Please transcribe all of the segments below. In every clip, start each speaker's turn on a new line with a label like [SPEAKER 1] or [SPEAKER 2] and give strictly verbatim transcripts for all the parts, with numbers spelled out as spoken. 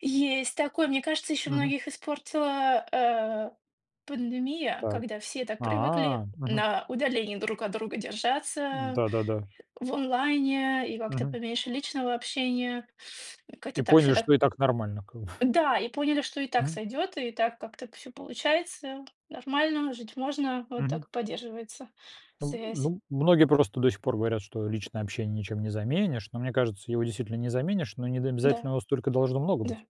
[SPEAKER 1] Есть такое, мне кажется, ещё
[SPEAKER 2] Мгм.
[SPEAKER 1] многих испортила, э, пандемия,
[SPEAKER 2] Так.
[SPEAKER 1] когда все так привыкли
[SPEAKER 2] А. Мгм.
[SPEAKER 1] на удалении друг от друга
[SPEAKER 2] М,
[SPEAKER 1] держаться,
[SPEAKER 2] да-да-да.
[SPEAKER 1] в онлайне и как-то
[SPEAKER 2] Мгм.
[SPEAKER 1] поменьше личного общения. Как-то
[SPEAKER 2] И
[SPEAKER 1] так, всё
[SPEAKER 2] поняли,
[SPEAKER 1] так
[SPEAKER 2] что и так нормально, как бы.
[SPEAKER 1] Да, и поняли, что и так
[SPEAKER 2] Мгм.
[SPEAKER 1] сойдёт, и так как-то всё получается, нормально, жить можно, вот
[SPEAKER 2] Мгм.
[SPEAKER 1] так и поддерживается
[SPEAKER 2] Ну
[SPEAKER 1] связь.
[SPEAKER 2] ну, многие просто до сих пор говорят, что личное общение ничем не заменишь, но мне кажется, его действительно не заменишь, но не д
[SPEAKER 1] Да.
[SPEAKER 2] обязательно его столько должно много
[SPEAKER 1] Да.
[SPEAKER 2] быть.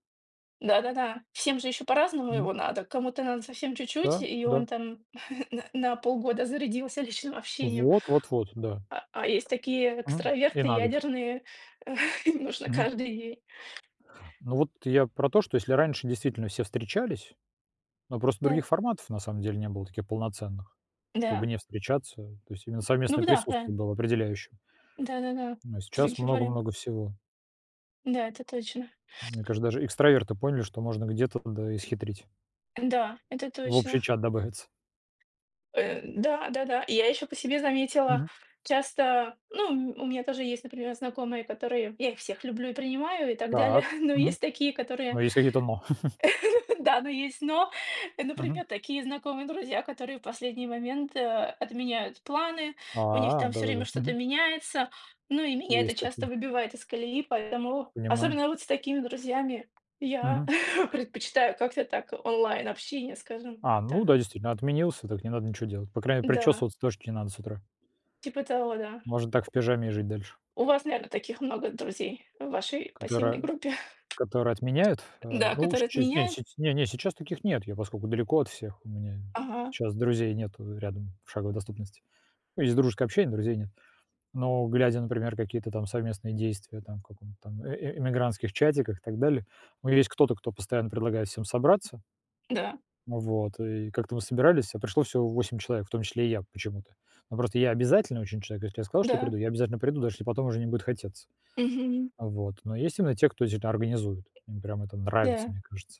[SPEAKER 1] Да-да-да. Всем же ещё по-разному
[SPEAKER 2] М.
[SPEAKER 1] его надо, кому то надо совсем чуть-чуть,
[SPEAKER 2] Да,
[SPEAKER 1] и
[SPEAKER 2] да.
[SPEAKER 1] он там н на полгода зарядился личным общением
[SPEAKER 2] Вот, вот, вот. Да.
[SPEAKER 1] а, а есть такие
[SPEAKER 2] Мгм. И
[SPEAKER 1] экстраверты
[SPEAKER 2] на год.
[SPEAKER 1] ядерные, им нужно
[SPEAKER 2] Мгм.
[SPEAKER 1] каждый день.
[SPEAKER 2] Ну вот, я про то, что если раньше, действительно, все встречались, но просто
[SPEAKER 1] Да.
[SPEAKER 2] других форматов, на самом деле, не было таких полноценных, чтобы
[SPEAKER 1] Да.
[SPEAKER 2] не встречаться, то есть именно
[SPEAKER 1] Ну
[SPEAKER 2] совместное
[SPEAKER 1] б да,
[SPEAKER 2] присутствие
[SPEAKER 1] правильно.
[SPEAKER 2] было определяюще.
[SPEAKER 1] Да-да-да,
[SPEAKER 2] Ну а сейчас
[SPEAKER 1] другим вариан
[SPEAKER 2] много-много всего.
[SPEAKER 1] Да, это точно.
[SPEAKER 2] Мне каже, даже экстраверты поняли, что можно где-то, да и схитрить.
[SPEAKER 1] Да, это
[SPEAKER 2] В
[SPEAKER 1] точно.
[SPEAKER 2] общий чат добавиться.
[SPEAKER 1] Э, да. Да-да, я ещё по себе заметила
[SPEAKER 2] Мгм.
[SPEAKER 1] часто, ну, м у меня тоже есть, например, знакомые, которые я их всех люблю и принимаю и так далее,
[SPEAKER 2] Так.
[SPEAKER 1] но
[SPEAKER 2] Мгм.
[SPEAKER 1] есть такие, которые
[SPEAKER 2] Но есть какие-то "но".
[SPEAKER 1] да, но есть "но",
[SPEAKER 2] Мгм.
[SPEAKER 1] например, такие знакомые друзья, которые в последний момент, э, отменяют планы, у них
[SPEAKER 2] А,
[SPEAKER 1] там всё время
[SPEAKER 2] да-да-да.
[SPEAKER 1] что-то
[SPEAKER 2] Мгм.
[SPEAKER 1] меняется, ну и меня это
[SPEAKER 2] Есть
[SPEAKER 1] часто
[SPEAKER 2] такие.
[SPEAKER 1] выбивает из колеи, поэтому
[SPEAKER 2] Понимаю.
[SPEAKER 1] особенно вот с такими друзьями, я
[SPEAKER 2] Мгм.
[SPEAKER 1] предпочитаю как-то так онлайн общение, скажем
[SPEAKER 2] А, ну
[SPEAKER 1] так.
[SPEAKER 2] да, действительно, отменился, так не надо ничё делать. По крайней,
[SPEAKER 1] Да.
[SPEAKER 2] причёсываться точно не надо с утра.
[SPEAKER 1] Типа того, да.
[SPEAKER 2] Можно так в пижаме и жить дальше.
[SPEAKER 1] У вас, наверно, таких много друзей в вашей пассивной
[SPEAKER 2] Которая
[SPEAKER 1] группе.
[SPEAKER 2] которая отменяет. А,
[SPEAKER 1] Да,
[SPEAKER 2] ну,
[SPEAKER 1] которые
[SPEAKER 2] сче не с
[SPEAKER 1] отменяют?
[SPEAKER 2] не, не, сейчас таких нет, я поскольку далеко от всех, у меня
[SPEAKER 1] Ага.
[SPEAKER 2] щас друзей нету рядом, в шаговой доступности. Ну, есть дружеское общение, друзей нет. Но глядя, например, какие-то там совместные действия, там, в каком-то там, э э эмигрантских чатиках и так далее, у меня есть кто-то, кто постоянно предлагает всем собраться.
[SPEAKER 1] Да.
[SPEAKER 2] Вот. И как-то мы собирались, а пришло всего восемь человек, в том числе и я почему-то. Ну, просто я обязательный очень человек, если я сказал, что приду,
[SPEAKER 1] Да.
[SPEAKER 2] я обязательно приду, даже если потом уже не будет хотеться.
[SPEAKER 1] Мгм.
[SPEAKER 2] Вот. Но есть именно те, кто всё это организует, им прям это нравится,
[SPEAKER 1] Да.
[SPEAKER 2] мне кажется.